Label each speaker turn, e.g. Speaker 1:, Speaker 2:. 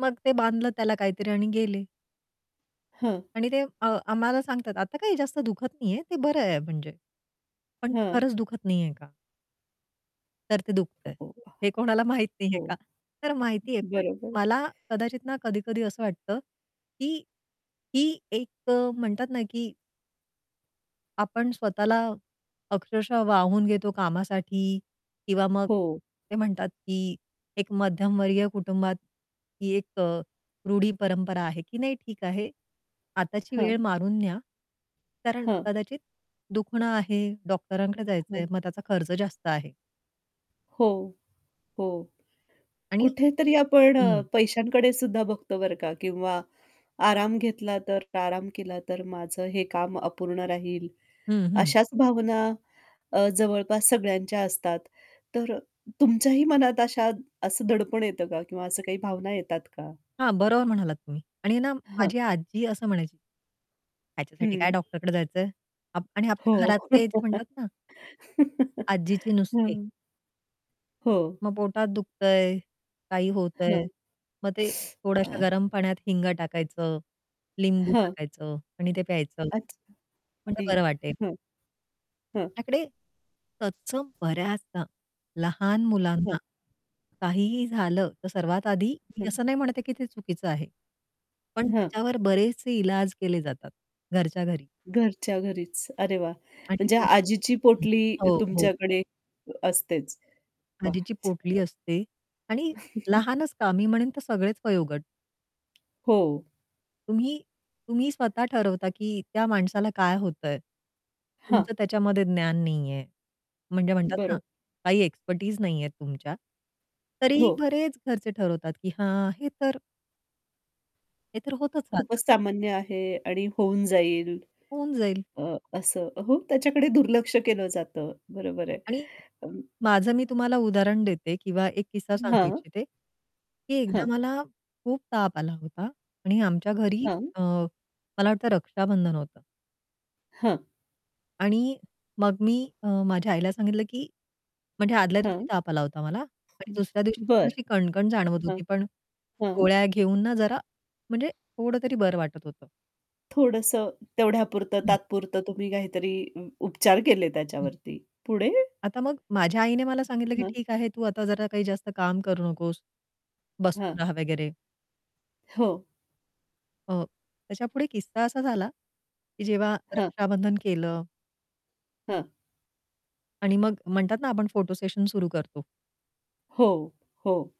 Speaker 1: मग ते बांधलं त्याला काहीतरी आणि गेले.
Speaker 2: हं.
Speaker 1: आणि ते अ आम्हाला सांगतात, "आता काही जास्त दुखत नाहीये. ते बरं आहे म्हणजे." पण ते
Speaker 2: हं.
Speaker 1: खरंच दुखत नाहीये का? तर ते
Speaker 2: अ,
Speaker 1: दुखतंय,
Speaker 2: हो,
Speaker 1: हे कोणाला माहित नाहीये
Speaker 2: हो.
Speaker 1: का? तर माहितीये पण
Speaker 2: बरोबर.
Speaker 1: मला कदाचित ना, कधी-कधी असं वाटतं की ही एक अ, म्हणतात ना की आपण स्वतःला अक्षरशः वाहून घेतो कामासाठी. किंवा मग
Speaker 2: हो.
Speaker 1: ते म्हणतात, की एक मध्यमवर्गीय कुटुंबात ही एक अ, रूढी-परंपरा आहे, की नाही ठीक आहे. आताची वेळ
Speaker 2: हं.
Speaker 1: मारून न्या. कारण
Speaker 2: हं.
Speaker 1: कदाचित दुखणं आहे, डॉक्टरांकडे
Speaker 2: हं.
Speaker 1: जायचंय, मग त्याचा खर्च जास्त आहे.
Speaker 2: हो, हो.
Speaker 1: आणि
Speaker 2: कुठेतरी आपण अ,
Speaker 1: हं.
Speaker 2: पैशांकडे सुद्धा बघतो बरं का. किंवा आराम घेतला तर, प्राराम केला तर, माझं हे काम अपूर्ण राहील.
Speaker 1: हं, हं.
Speaker 2: अशाच भावना अ, जवळपास सगळ्यांच्या असतात. तर तुमच्याही मनात अशा असं दडपण येतं का किंवा अ काही भावना येतात का?
Speaker 1: हां, बरोबर म्हणालात तुम्ही. आणि ना
Speaker 2: हं.
Speaker 1: माझी आजी असं म्हणायची. "ह्याच्यासाठी काय
Speaker 2: हं.
Speaker 1: डॉक्टरकडे जायचंय!?" आपण आपल्या
Speaker 2: हो.
Speaker 1: घरातले जे म्हणतात ना आजीचे नुसके.
Speaker 2: हं. हो.
Speaker 1: मग पोटात दुखतंय, काही
Speaker 2: हं.
Speaker 1: होतंय, मग ते थोड्याश्या
Speaker 2: अ
Speaker 1: गरम पाण्यात हिंगा टाकायचं, लिंबू
Speaker 2: हं.
Speaker 1: टाकायचं आणि ते प्यायचं.
Speaker 2: अच्छा.
Speaker 1: म्हणजे बरं
Speaker 2: [unintelligible]
Speaker 1: वाटेल.
Speaker 2: हं. हं.
Speaker 1: याकडे, तत्सम बऱ्याचदा लहान मुलांना,
Speaker 2: हं.
Speaker 1: काहीही झालं, तर सर्वात आधी मी
Speaker 2: हं.
Speaker 1: असं नाही म्हणते की ते चुकीचं आहे. पण
Speaker 2: हं.
Speaker 1: त्याच्यावर बरेचसे इलाज केले जातात, घरच्या घरी.
Speaker 2: घरच्या घरीच. अरे वाह!
Speaker 1: आणि
Speaker 2: म्हणजे
Speaker 1: नंतर
Speaker 2: आजीची
Speaker 1: हं,
Speaker 2: पोटली
Speaker 1: हो, हो.
Speaker 2: तुमच्याकडे असतेच. वाह,
Speaker 1: आजीची पोटली
Speaker 2: छानच!
Speaker 1: असते आणि लहानच का? मी म्हणेन तर सगळेच वयोगट.
Speaker 2: हो.
Speaker 1: तुम्ही तुम्ही स्वतः ठरवता, की त्या माणसाला काय होतंय?
Speaker 2: हं.
Speaker 1: तुमचं त्याच्यामध्ये ज्ञान नाहीये. म्हणजे म्हणतात ना,
Speaker 2: बरं.
Speaker 1: काही एक्सपर्टीज नाहीये तुमच्या. तरी
Speaker 2: हो.
Speaker 1: बरेच घरचे ठरवतात, की हां, हे तर हे तर होतच
Speaker 2: खूपच
Speaker 1: राहतं.
Speaker 2: सामान्य आहे आणि होऊन जाईल.
Speaker 1: होऊन जाईल.
Speaker 2: अ, असं हो, त्याच्याकडे दुर्लक्ष केलं जातं. बरोबर आहे.
Speaker 1: आणि
Speaker 2: अ
Speaker 1: माझं मी तुम्हाला उदाहरण देते किंवा एक किस्सा सांगू
Speaker 2: हां.
Speaker 1: इच्छिते. की एकदा
Speaker 2: हं.
Speaker 1: मला खूप ताप आला होता आणि आमच्या घरी
Speaker 2: हं.
Speaker 1: अ, मला वाटतं रक्षाबंधन होतं.
Speaker 2: हं.
Speaker 1: आणि मग मी अ, माझ्या आईला सांगितलं की म्हणजे आदल्या दिवशी
Speaker 2: हं.
Speaker 1: ताप आला होता मला आणि
Speaker 2: [unintelligible]
Speaker 1: दुसऱ्या दिवशी पण
Speaker 2: बरं.
Speaker 1: अशी कणकण जाणवत
Speaker 2: हां.
Speaker 1: होती, पण
Speaker 2: हां.
Speaker 1: गोळ्या घेऊन ना जरा म्हणजे थोडं तरी बरं वाटत होतं.
Speaker 2: थोडंसं तेवढ्यापुरतं
Speaker 1: हं.
Speaker 2: तात्पुरतं तुम्ही काहीतरी उपचार केले
Speaker 1: हं.
Speaker 2: त्याच्यावरती, पुढे?
Speaker 1: आता मग माझ्या आईने मला सांगितलं, की
Speaker 2: हं.
Speaker 1: "ठीक आहे तू आता जरा काही जास्त काम करू नकोस." बसून
Speaker 2: हां.
Speaker 1: रहा वगैरे.
Speaker 2: हो.
Speaker 1: अ, त्याच्यापुढे किस्सा असा झाला, की जेव्हा
Speaker 2: हं.
Speaker 1: रक्षाबंधन केलं
Speaker 2: हं.
Speaker 1: आणि मग म्हणतात ना, आपण फोटो सेशन सुरु करतो.
Speaker 2: हो, हो.